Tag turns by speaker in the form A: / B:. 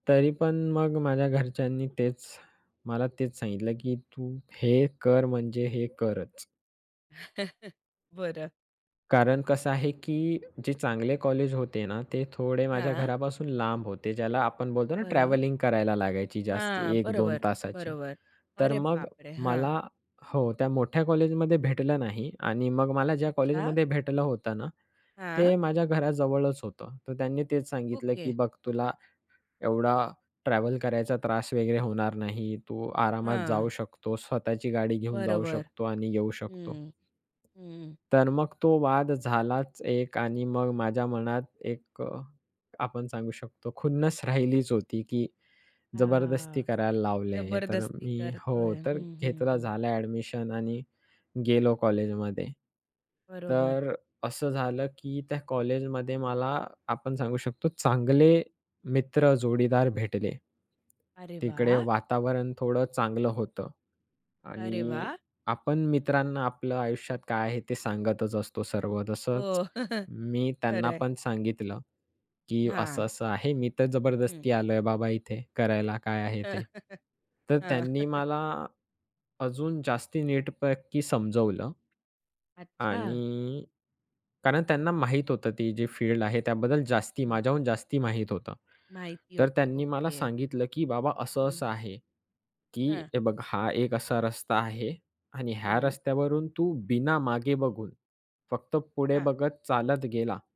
A: तरी पण मग माझ्या घरच्यांनी तेच मला तेच सांगितलं, की तू हे कर म्हणजे हे करच.
B: बरं.
A: कारण कसं आहे की जे चांगले कॉलेज होते ना ते थोडे माझ्या
B: हां.
A: घरापासून लांब होते. ज्याला आपण बोलतो ना
B: बरं.
A: ट्रॅव्हलिंग करायला लागायची जास्ती
B: हां,
A: 1-2
B: बरोबर,
A: तासाची.
B: बरोबर.
A: तर
B: अरे
A: मग
B: बाप रे! हां.
A: मला हो त्या मोठ्या कॉलेजमध्ये भेटलं नाही आणि मग मला ज्या
B: अच्छा!
A: कॉलेजमध्ये भेटलं होतं ना
B: हां.
A: ते माझ्या घराजवळच होतं. तर त्यांनी तेच सांगितलं,
B: ओके.
A: की बघ तुला एवढा ट्रॅव्हल करायचा त्रास वगैरे होणार नाही. तू आरामात
B: हां.
A: जाऊ शकतो. स्वतःची गाडी घेऊन जाऊ
B: बरोबर
A: शकतो आणि येऊ शकतो.
B: हं, हं.
A: तर मग तो वाद झालाच एक आणि मग माझ्या मनात एक अ, आपण सांगू शकतो खुन्नस राहिलीच होती की जबरदस्ती
B: हां
A: करायला लावले हे. तर
B: जबरदस्ती
A: मी हो
B: करतोय.
A: तर
B: हं, हं,
A: घेतलं
B: हं.
A: झालं ॲडमिशन आणि गेलो कॉलेजमध्ये
B: बरोबर.
A: तर असं झालं की त्या कॉलेजमध्ये मला आपण सांगू शकतो चांगले मित्र, जोडीदार भेटले.
B: अरे
A: तिकडे
B: वाह!
A: वातावरण थोडं चांगलं होतं
B: अरे
A: आणि
B: वाह!
A: आपण मित्रांना आपलं आयुष्यात काय आहे ते सांगतच असतो सर्व. तसंच
B: हो.
A: मी
B: खरं
A: त्यांना
B: आहे.
A: पण सांगितलं, की
B: हां.
A: असं-असं आहे. "मी तर
B: हं.
A: जबरदस्ती आलोय बाबा इथे करायला काय आहे ते." तर
B: हां.
A: त्यांनी मला अजून जास्ती नीटपैकी समजवलं.
B: अच्छा!
A: आणि कारण त्यांना माहीत होतं. ती जी फील्ड आहे त्याबद्दल जास्ती
B: हं.
A: माझ्याहून जास्ती माहीत होतं.
B: माहिती
A: तर
B: होती.
A: त्यांनी मला
B: ओके.
A: सांगितलं, "की बाबा असं
B: हं.
A: असं आहे, की
B: हां.
A: हे बघ हा एक असा रस्ता आहे आणि ह्या
B: हं.
A: रस्त्यावरून तू बिना मागे बघून फक्त पुढे
B: हां.
A: बघत चालत गेला."